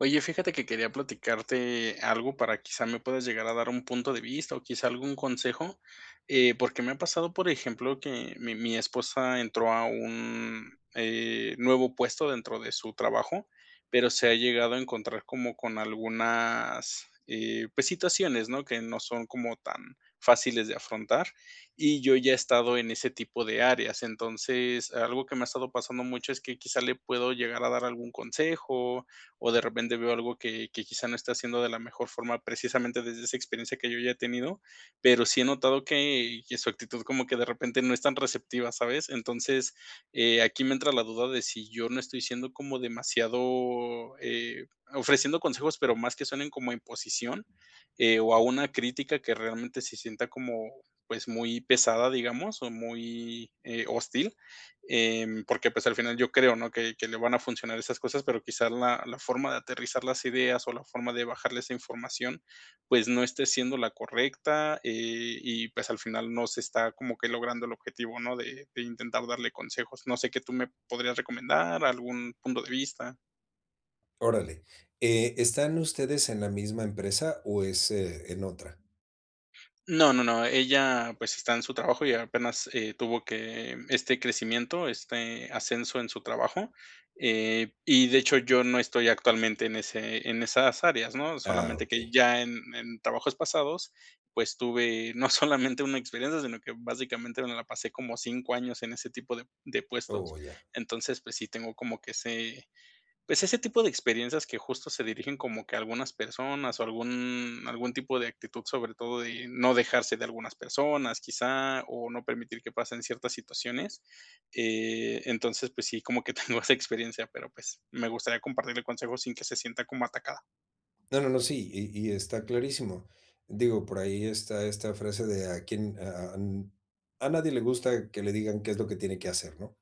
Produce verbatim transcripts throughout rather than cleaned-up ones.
Oye, fíjate que quería platicarte algo para quizá me puedas llegar a dar un punto de vista o quizá algún consejo. Eh, porque me ha pasado, por ejemplo, que mi mi esposa entró a un eh, nuevo, eh, puesto dentro de su trabajo, pero se ha llegado a encontrar como con algunas, eh, pues situaciones, ¿no?, que no son como tan fáciles de afrontar, y yo ya he estado en ese tipo de áreas. Entonces, algo que me ha estado pasando mucho es que quizá le puedo llegar a dar algún consejo, o de repente veo algo que que quizá no está haciendo de la mejor forma, precisamente desde esa experiencia que yo ya he tenido, pero sí he notado que que su actitud como que de repente no es tan receptiva, ¿sabes? Entonces, eh, aquí me entra la duda de si yo no estoy siendo como demasiado, eh, ofreciendo consejos, pero más que suenen como imposición, eh, o a una crítica que realmente se sienta como, pues, muy pesada, digamos, o muy, eh, hostil, em, porque, pues, al final yo creo, ¿no?, que que le van a funcionar esas cosas, pero quizás la la forma de aterrizar las ideas o la forma de bajarle esa información, pues no esté siendo la correcta, eh, y pues al final no se está como que logrando el objetivo, ¿no?, de de intentar darle consejos. ¿No sé qué tú me podrías recomendar, algún punto de vista? Órale, ¿eh, están ustedes en la misma empresa o es, eh, en otra? No, no, no, ella, pues está en su trabajo y apenas, eh, tuvo que este crecimiento, este ascenso en su trabajo. Eh, y de hecho, yo no estoy actualmente en ese en esas áreas, ¿no?, Ah, solamente que okey. ya en en trabajos pasados, pues tuve no solamente una experiencia, sino que básicamente me la pasé como cinco años en ese tipo de de puestos. Oh, ya. Entonces, pues sí, tengo como que ese pues ese tipo de experiencias que justo se dirigen como que a algunas personas o algún algún tipo de actitud, sobre todo de no dejarse de algunas personas, quizá, o no permitir que pasen ciertas situaciones. Eh, entonces, pues sí, como que tengo esa experiencia, pero pues me gustaría compartir el consejo sin que se sienta como atacada. No, no, no, sí, y y está clarísimo. Digo, por ahí está esta frase de a quién a a n "A nadie le gusta que le digan qué es lo que tiene que hacer", ¿no?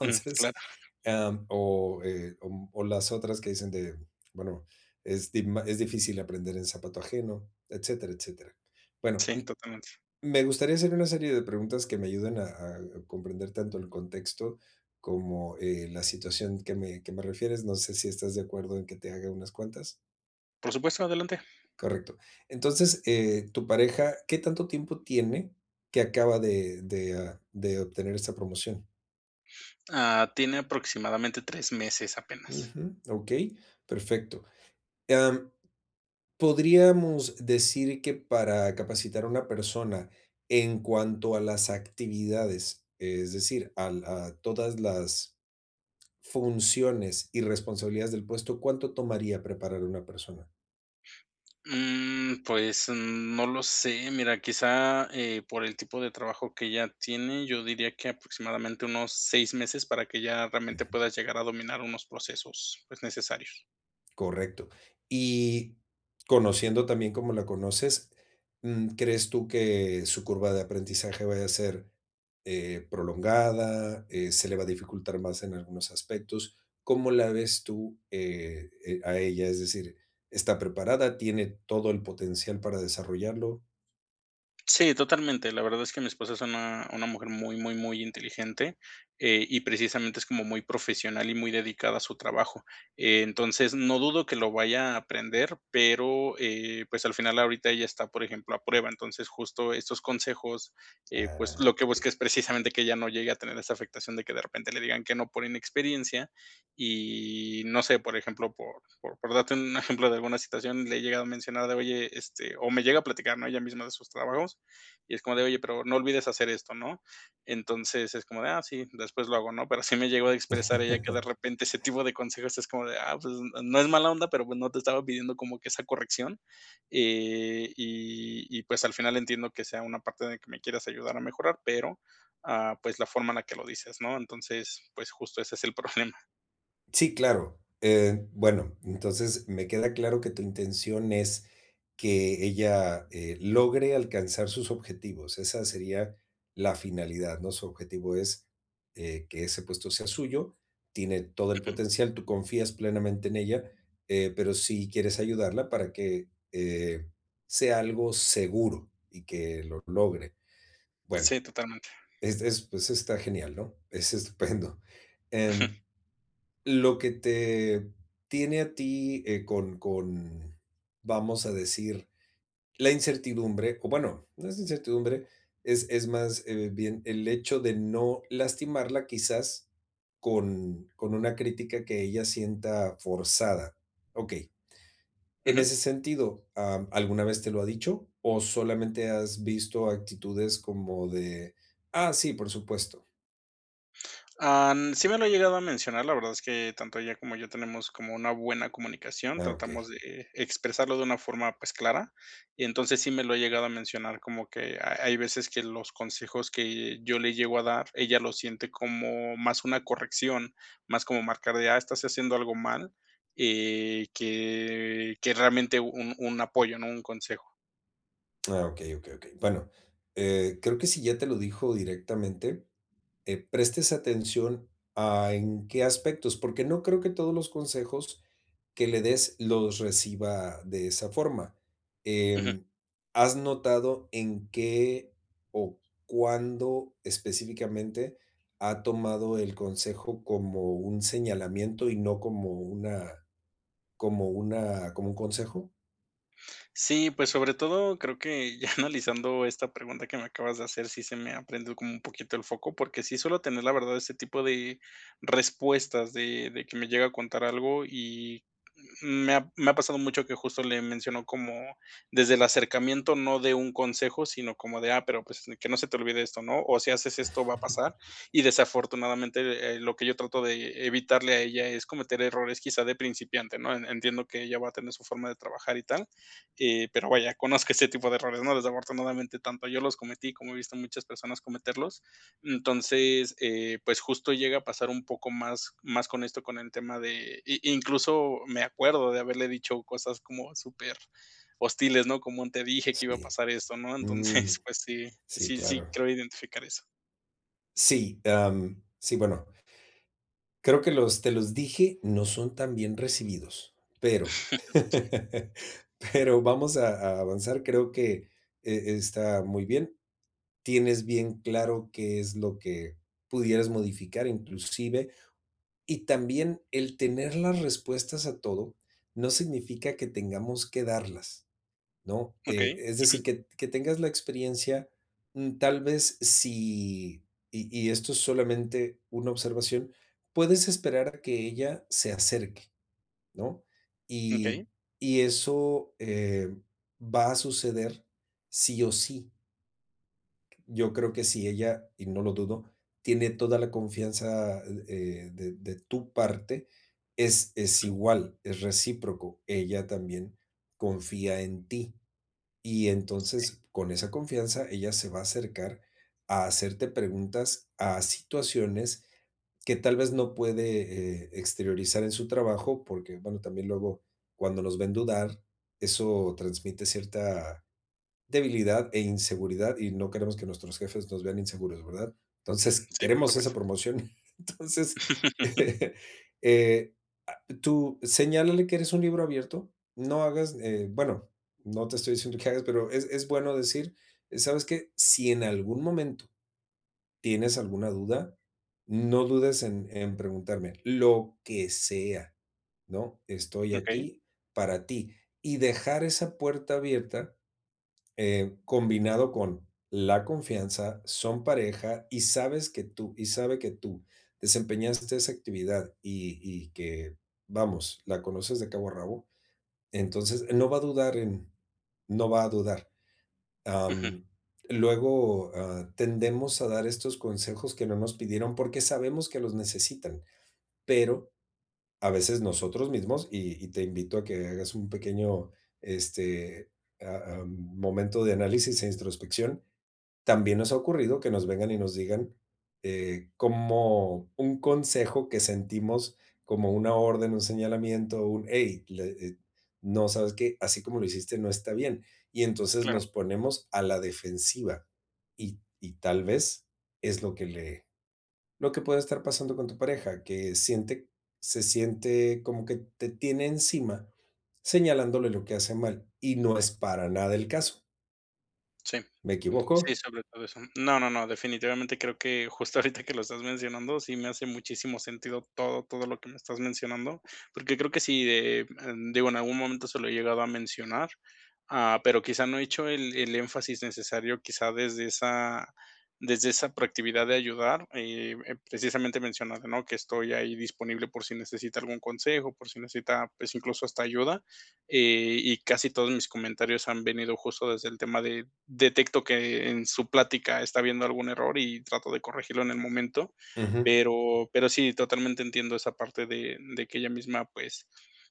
Ujú, claro. am, o, eh, o o las otras que dicen de, bueno, es di ma "Es difícil aprender en zapato ajeno", etcétera, etcétera. Bueno, Sí, m totalmente. me gustaría hacer una serie de preguntas que me ayuden a a comprender tanto el contexto como, eh, la situación que me que me refieres, no sé si estás de acuerdo en que te haga unas cuantas. Por supuesto, adelante. Correcto. Entonces, eh, tu pareja, ¿qué tanto tiempo tiene que acaba de de, ah, de obtener esta promoción? Ah, tiene aproximadamente tres meses, apenas. Ujú, okey. Perfecto. Am, podríamos decir que para capacitar a una persona en cuanto a las actividades, es decir, al a todas las funciones y responsabilidades del puesto, ¿cuánto tomaría preparar una persona? Mm, pues, mm, no lo sé, mira, quizá, eh, por el tipo de trabajo que ella tiene, yo diría que aproximadamente unos seis meses para que ya realmente Ujú. puedas llegar a dominar unos procesos, pues necesarios. Correcto. Y, conociendo tan bien cómo la conoces, mm, ¿crees tú que su curva de aprendizaje vaya a ser, eh, prolongada, eh, se le va a dificultar más en algunos aspectos? ¿Cómo la ves tú, eh eh, a ella? Es decir, ¿está preparada, tiene todo el potencial para desarrollarlo? Sí, totalmente, la verdad es que mi esposa es una una mujer muy, muy, muy inteligente, eh, y precisamente es como muy profesional y muy dedicada a su trabajo. Entonces, no dudo que lo vaya a aprender, pero, eh, pues, al final ahorita ella está, por ejemplo, a prueba, entonces, justo estos consejos, eh, pues, Ah, lo que qué busca bien. es precisamente que ella no llegue a tener esa afectación de que de repente le digan que no por inexperiencia, y no sé, por ejemplo, por por por darte un ejemplo de alguna situación, le he llegado a mencionar de: "Oye", este, o me llega a platicar, ¿no?, ella misma de sus trabajos, y es como de: "Oye, pero no olvides hacer esto", ¿no?, entonces, es como de: "Ah, sí, después lo hago," ¿no?, pero sí me ha llegado a expresar ella que de repente ese tipo de consejos es como de: "Ah, pues n no es mala onda, pero pues no te estaba pidiendo como que esa corrección, eh, y y pues al final entiendo que sea una parte de que me quieras ayudar a mejorar, pero, ah, pues, la forma en la que lo dices", ¿no?, entonces, pues, justo ese es el problema. Sí, claro. Eh, bueno, entonces, me queda claro que tu intención es que ella, eh, logre alcanzar sus objetivos, esa sería la finalidad, ¿no?, su objetivo es, eh, que ese puesto sea suyo, tiene todo el Ujú. potencial, tú confías plenamente en ella, eh, pero sí quieres ayudarla para que, eh, sea algo seguro, y que lo logre. Bueno, Sí, totalmente. es es, pues está genial, ¿no?, es estupendo. Ujú. Em, lo que te tiene a ti, eh, con con, vamos a decir, la incertidumbre, o bueno, no es incertidumbre, es es más, eh, bien el hecho de no lastimarla, quizás, con con una crítica que ella sienta forzada. Okey, en Ujú. ese sentido, ¿ah, alguna vez te lo ha dicho, o solamente has visto actitudes como de: "Ah, sí, por supuesto"? Am, sí me lo ha llegado a mencionar, la verdad es que tanto ella como yo tenemos como una buena comunicación, Ah, tratamos okey. de expresarlo de una forma, pues, clara, y entonces, sí me lo ha llegado a mencionar como que ha hay veces que los consejos que yo le llego a dar, ella lo siente como más una corrección, más como marcar de: "Ah, estás haciendo algo mal", eh, que que realmente un un apoyo, ¿no?, un consejo. Ah okey, okey, okey, bueno, eh, creo que si ya te lo dijo directamente, eh, prestes atención, ah, en qué aspectos, porque no creo que todos los consejos que le des los reciba de esa forma, Ujú em, ¿has notado en qué o cuándo específicamente ha tomado el consejo como un señalamiento y no como una como una como un consejo? Sí, pues sobre todo creo que ya analizando esta pregunta que me acabas de hacer, sí se me, ah, prende como un poquito el foco, porque sí suelo tener la verdad ese tipo de respuestas de de que me llega a contar algo y me ha me ha pasado mucho que justo le menciono como desde el acercamiento no de un consejo, sino como de: "Ah, pero pues, que no se te olvide esto", ¿no?, o si haces esto va a pasar, y desafortunadamente, eh, lo que yo trato de e evitarle a ella es cometer errores quizá de principiante, ¿no?, en entiendo que ella va a tener su forma de trabajar y tal, eh, pero vaya conozco ese tipo de errores, ¿no?, desafortunadamente, tanto yo los cometí como he visto a muchas personas cometerlos. Entonces, eh, pues justo, llega a pasar un poco más más con esto, con el tema de i incluso me acuerdo de haberle dicho cosas como superhostiles, ¿no?, como: "Te dije que iba a Sí, pasar eso", ¿no?, mm, entonces, pues sí, sí sí, sí claro. creo identificar eso. Sí, am, sí, bueno. Creo que los, "te los dije", no son tan bien recibidos, pero, Sí. pero vamos a a avanzar. Creo que e está muy bien, tienes bien claro qué es lo que pudieras modificar inclusive. Y también el tener las respuestas a todo, no significa que tengamos que darlas, ¿no? E Okey. es decir, Ujú. que que tengas la experiencia, mm, tal vez si y y esto es solamente una observación, puedes esperar a que ella se acerque, ¿no? Y Okey. y eso, eh, va a suceder sí o sí. Yo creo que si ella, y no lo dudo, tiene toda la confianza, eh eh, de de tu parte, es es Ujú. igual, es recíproco, ella también confía en ti. Y Sí. entonces, con esa confianza ella se va a acercar a hacerte preguntas a situaciones, que tal vez, no puede, eh, exteriorizar en su trabajo, porque, bueno, también luego cuando nos ven dudar, eso transmite cierta debilidad e inseguridad, y no queremos que nuestros jefes nos vean inseguros, ¿verdad? Entonces, Sí, por queremos esa supuesto. promoción. Entonces, eh, ah tú señálale que eres un libro abierto, no hagas, eh, bueno, no te estoy diciendo que hagas, pero es es bueno decir: "¿Sabes qué? Si en algún momento, tienes alguna duda, no dudes en en preguntarme, lo que sea, ¿no? Estoy Okey. aquí para ti". Y dejar esa puerta abierta, eh, combinado con la confianza, son pareja, y sabes que tú, y sabe que tú desempeñaste esa actividad, y y que, vamos, la conoces de cabo a rabo. Entonces, eh, no va a dudar en no va a dudar. Ujú. Am, luego, ah, tendemos a dar estos consejos que no nos pidieron, porque sabemos que los necesitan, pero a veces nosotros mismos, y y te invito a que hagas un pequeño, este, ah, am, momento de análisis e introspección, también nos ha ocurrido que nos vengan, y nos digan, eh, como un consejo que sentimos como una orden, un señalamiento. Un: "Ey, la eh, no, ¿sabes qué? Así como lo hiciste no está bien". Y entonces Claro. nos ponemos a la defensiva, y y tal vez es lo que le lo que puede estar pasando con tu pareja, que siente se siente como que te tiene encima señalándole lo que hace mal, y no es para nada el caso. Sí. ¿Me Sí, equivoco? sobre todo eso. No, no, no, definitivamente creo que justo ahorita que lo estás mencionando, sí me hace muchísimo sentido todo, todo lo que me estás mencionando. Porque creo que sí, de, mm, digo, en algún momento se lo he llegado a mencionar. Ah, pero, quizá, no he hecho el el énfasis necesario, quizá, desde esa desde esa proactividad de ayudar, eh, eh, precisamente mencionaste, ¿no?, que estoy ahí disponible por si necesita algún consejo, por si necesita, pues, incluso, hasta ayuda. Eh, y casi todos mis comentarios han venido justo desde el tema de, detecto que en su plática está habiendo algún error, y trato de corregirlo en el momento. Ujú. Pero pero sí, totalmente entiendo esa parte de de que ella misma, pues,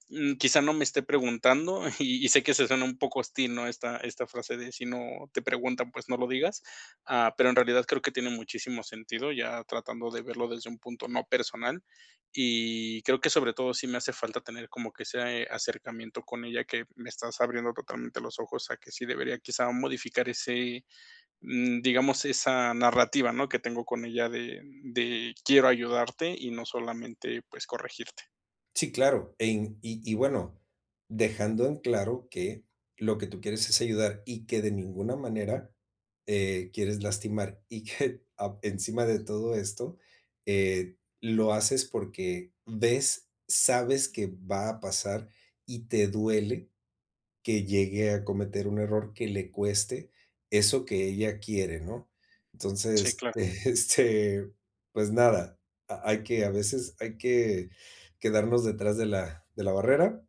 mm, quizá, no me esté preguntando. Y y sé que se suena un poco hostil, ¿no?, esta esta frase de: "Si no te pregunta, pues, no lo digas". Ah, pero en realidad creo que tiene muchísimo sentido, ya tratando de verlo desde un punto no personal. Y creo que sobre todo sí me hace falta tener como que ese acercamiento con ella, que me estás abriendo totalmente los ojos a que sí debería, quizá, modificar ese, mm, digamos, esa narrativa, ¿no?, que tengo con ella de de quiero ayudarte, y no solamente, pues, corregirte. Sí, claro, en y y, bueno, dejando en claro que lo que tú quieres es ayudar y que de ninguna manera, eh, quieres lastimar y que, ah, encima de todo esto, eh, lo haces porque ves, sabes que va a pasar y te duele que llegue a cometer un error que le cueste eso que ella quiere, ¿no?, Sí, entonces, claro. eh, este, pues nada, ha hay que a veces, hay que quedarnos detrás de la de la barrera,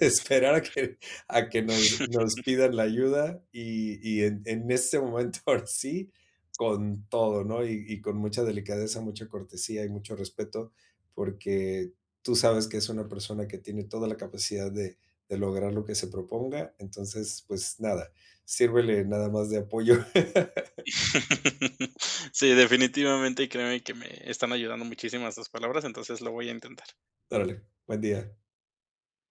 esperar a que a que nos nos pidan la ayuda, y y en en ese momento, ahora sí, con todo, ¿no?, y y con mucha delicadeza, mucha cortesía y mucho respeto, porque tú sabes que es una persona que tiene toda la capacidad de de lograr lo que se proponga, entonces, pues nada, sírvele nada más de apoyo. Sí, definitivamente, créeme que me están ayudando muchísimas estas palabras, entonces lo voy a intentar. Órale, buen día.